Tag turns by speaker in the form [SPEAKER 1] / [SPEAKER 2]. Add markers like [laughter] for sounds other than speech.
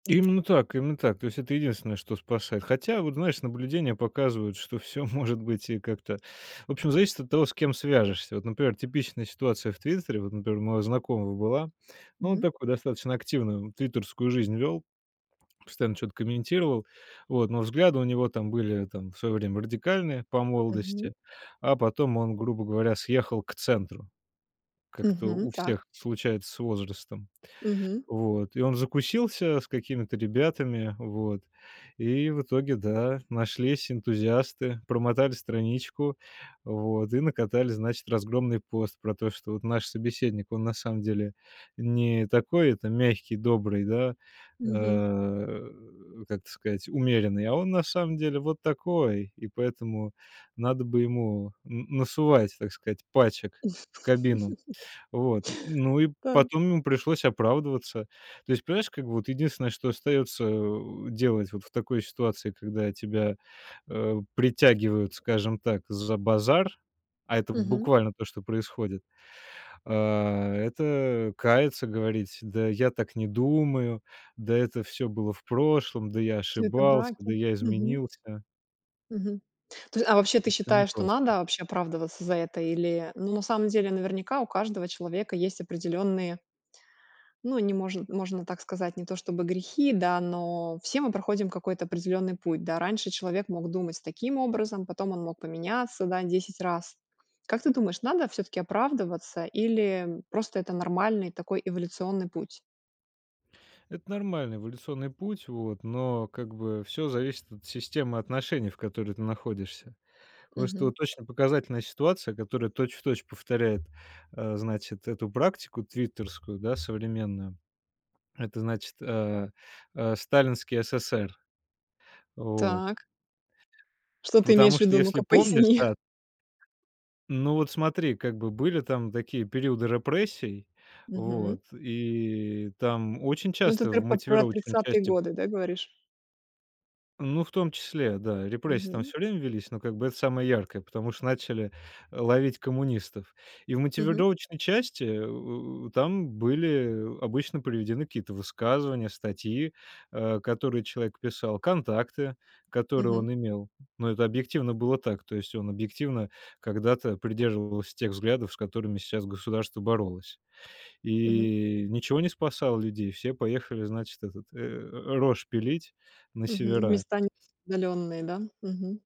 [SPEAKER 1] Именно так, именно так. То есть это единственное, что спасает. Хотя, вот, знаешь, наблюдения показывают, что всё может быть и как-то. В общем, зависит от того, с кем свяжешься. Вот, например, типичная ситуация в "Твиттере". Вот, например, у моего знакомого была. Ну, он
[SPEAKER 2] Мгм.
[SPEAKER 1] такую достаточно активную твиттерскую жизнь вёл. Постоянно чё-то комментировал. Вот. Но взгляды у него там были там в своё время радикальные по
[SPEAKER 2] Мгм.
[SPEAKER 1] молодости, а потом он, грубо говоря, съехал к центру. Как-то
[SPEAKER 2] Мгм,
[SPEAKER 1] у
[SPEAKER 2] так.
[SPEAKER 1] всех случается с возрастом.
[SPEAKER 2] Мгм.
[SPEAKER 1] Вот, и он закусился с какими-то ребятами, вот, и в итоге, да, нашлись энтузиасты, промотали страничку, вот, и накатали, значит, разгромный пост про то, что вот наш собеседник, он на самом деле не такой, это, мягкий, добрый, да, э,
[SPEAKER 2] Мгм.
[SPEAKER 1] о, как это сказать, умеренный, а он на самом деле вот такой, и поэтому надо бы ему н насовать, так сказать, пачек в кабину.
[SPEAKER 2] [laughs]
[SPEAKER 1] Вот, н ну и
[SPEAKER 2] Та.
[SPEAKER 1] потом ему пришлось оправдываться. То есть, понимаешь, как бы вот единственное, что остается, э, у делать вот в такой ситуации, когда тебя, э, притягивают, скажем так, за базар, а это в
[SPEAKER 2] Мгм.
[SPEAKER 1] буквально то, что происходит, а, это каяться, говорить: "Да я так не думаю, да это всё было в прошлом, да я
[SPEAKER 2] Всё это
[SPEAKER 1] ошибался,
[SPEAKER 2] враки.
[SPEAKER 1] да я
[SPEAKER 2] Мгм.
[SPEAKER 1] изменился".
[SPEAKER 2] Мгм. То есть, а вообще, ты
[SPEAKER 1] Причём не
[SPEAKER 2] считаешь, что
[SPEAKER 1] непросто.
[SPEAKER 2] надо вообще оправдываться за это? Или, ну, на самом деле, наверняка, у каждого человека есть определённые Ну, не можн можно так сказать, не то чтобы грехи, да, но все мы проходим какой-то определённый путь, да? Раньше человек мог думать таким образом, потом он мог поменяться, да, 10 раз. Как ты думаешь, надо всё-таки оправдываться или, м, просто это нормальный такой эволюционный путь?
[SPEAKER 1] Это нормальный эволюционный путь, вот, но, как бы, всё зависит от системы отношений, в которой ты находишься. Просто
[SPEAKER 2] Мгм.
[SPEAKER 1] вот очень показательная ситуация, которая точь-в-точь повторяет, э, значит, эту практику твиттерскую, да, современную. Это, значит, э, э, сталинский СССР. Вот.
[SPEAKER 2] Так. Что ты имеешь
[SPEAKER 1] Потому
[SPEAKER 2] в
[SPEAKER 1] что,
[SPEAKER 2] виду?
[SPEAKER 1] если
[SPEAKER 2] Ну-ка,
[SPEAKER 1] помнишь,
[SPEAKER 2] поясни.
[SPEAKER 1] та Ну, вот смотри, как бы были там такие периоды репрессий,
[SPEAKER 2] Мгм.
[SPEAKER 1] вот, и там очень
[SPEAKER 2] Ну, это
[SPEAKER 1] часто
[SPEAKER 2] р
[SPEAKER 1] в
[SPEAKER 2] по про
[SPEAKER 1] мотивировочной
[SPEAKER 2] 30
[SPEAKER 1] части
[SPEAKER 2] годы, да, говоришь?
[SPEAKER 1] Ну, в том числе, да, репрессии там
[SPEAKER 2] Мгм.
[SPEAKER 1] всё время велись, но как бы это самое яркое, потому что начали, э, ловить коммунистов. И в
[SPEAKER 2] Мгм.
[SPEAKER 1] мотивировочной части, э, там были, э, обычно приведены какие-то высказывания, статьи, э, которые человек писал, контакты, которые
[SPEAKER 2] Мгм.
[SPEAKER 1] он имел. Но это объективно было так. То есть он объективно когда-то придерживался тех взглядов, с которыми щас государство боролось.
[SPEAKER 2] Мгм.
[SPEAKER 1] И ничего не спасало людей, все поехали, значит, этот э рожь пилить на
[SPEAKER 2] Мгм.
[SPEAKER 1] севера.
[SPEAKER 2] Места не удалённые, да? Мгм.